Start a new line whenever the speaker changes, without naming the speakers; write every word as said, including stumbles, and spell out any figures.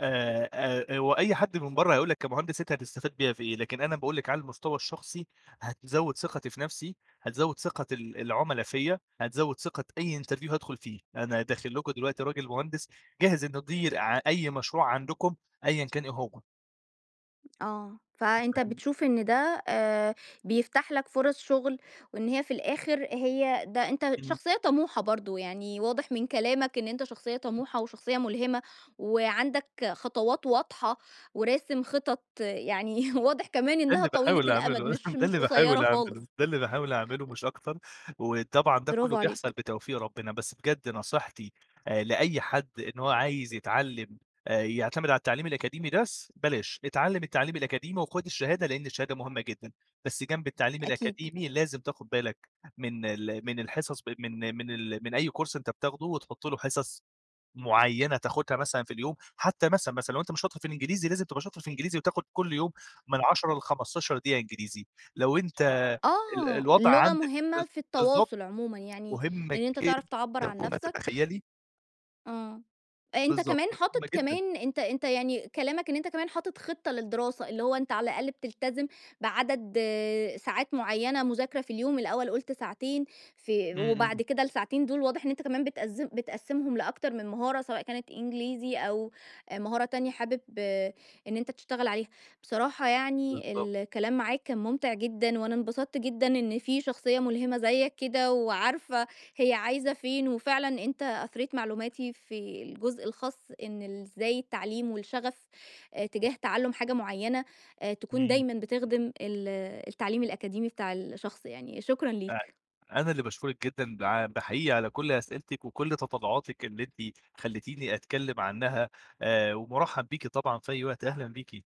آآ، آآ هو أي حد من برّه هيقول لك كمهندس أنت هتستفاد بيّا في إيه؟ لكن أنا باقول لِك على المستوى الشخصي هتزوِّد ثقتي في نفسي، هتزوِّد ثقة ال العُملا فيَا، هتزوِّد ثقة أي interview هادخُل فيه. أنا داخل لكم دلوقتي راجل مهندس جاهز إنه يدير ع أي مشروع عندكم أيًا كان إيه هو.
آه. فأنت
[unintelligible]
بتشوف إن ده آآ بيفتح لك فرص شغل وإن هي في الآخر هي ده أنت
إمم.
شخصية طموحة برضه. يعني واضح من كلامك إن أنت شخصية طموحة وشخصية مُلهمة وعندك خطوات واضحة وراسم خطط، يعني واضح كمان
ده
إنّها
اللي
طويلة
باحاول
الأمد
أعمله
مش
ده
مش
اللي باحاول
قصيرة
أعمله
خالص.
ده اللي باحاول أعمله مش أكتر. وطبعًا ده كُلّه
برافو
بيحصل
عليك.
بتوفيق ربنا. بس بجد نصيحتي أ لأي حد إن هو عايز يتعلّم أ يعتمد على التعليم الأكاديمي بس بلاش، اتعلّم التعليم الأكاديمي وخُد الشهادة لإن الشهادة مهمة جدًا بس جنب التعليم
أكيد.
الأكاديمي لازم تاخد بالك من ال من الحصص ب من من ال من أي كورس أنت بتاخده وتحُط له حصص معيّنة تاخدها مثلًا في اليوم حتّى مثلًا، مثلًا لو أنت مش شاطر في الإنجليزي لازم تبقى شاطر في الإنجليزي وتاخد كل يوم من عشرة لخمستاشر دقيقة إنجليزي. لو أنت ال
آه.
الوضع
اللغة
عندك
مهمة
بالظ
في
بالضبط.
التواصل عمومًا، يعني
مهمة
إن أنت تعرف تعبَّر
جدًا
عن
فوق ما
نفْسك
تتخيّلي.
آه. أنت
بالضبط،
كمان
مهمة
حاطط
جدًا.
كمان أنت أنت يعني كلامك إن أنت كمان حاطط خطة للدراسة، اللي هو أنت على الأقل بتلتزم بعدد ساعات معيّنة مذاكرة في اليوم، الأول قُلت ساعتين في
إمم،
وبعد
إمم.
كده الساعتين دول واضح إن أنت كمان بتقذّم بتقسّمهم لأكتر من مهارة، سواء كانت إنجليزي أو مهارة تانية حابب إن أنت تشتغل عليها. بصراحة يعني
بالضبط.
ال الكلام معاك كان مُمتع جدًا وأنا انبسطت جدًا إن في شخصية مُلهمة زيّك كده وعارفة هي عايزة فين، وفعلًا أنت أثريت معلوماتي في الجزء الخاص إن ال إزاي التعليم والشغف أ تجاه تعلُّم حاجة معيّنة أ تكون
إمم.
دايمًا بتخدم ال التعليم الأكاديمي بتاع الشخص يعني. شكرًا
أ
ليك.
أنا اللي باشكُرِك جدًا بع ب حقيقي على كل أسئلتِك وكل تطلُّعاتِك اللي أنتِ خلّتيني أتكلّم عنّها، آآ ومُرَحّب بيكِ طبعًا في أي وقت أهلًا بيكِ.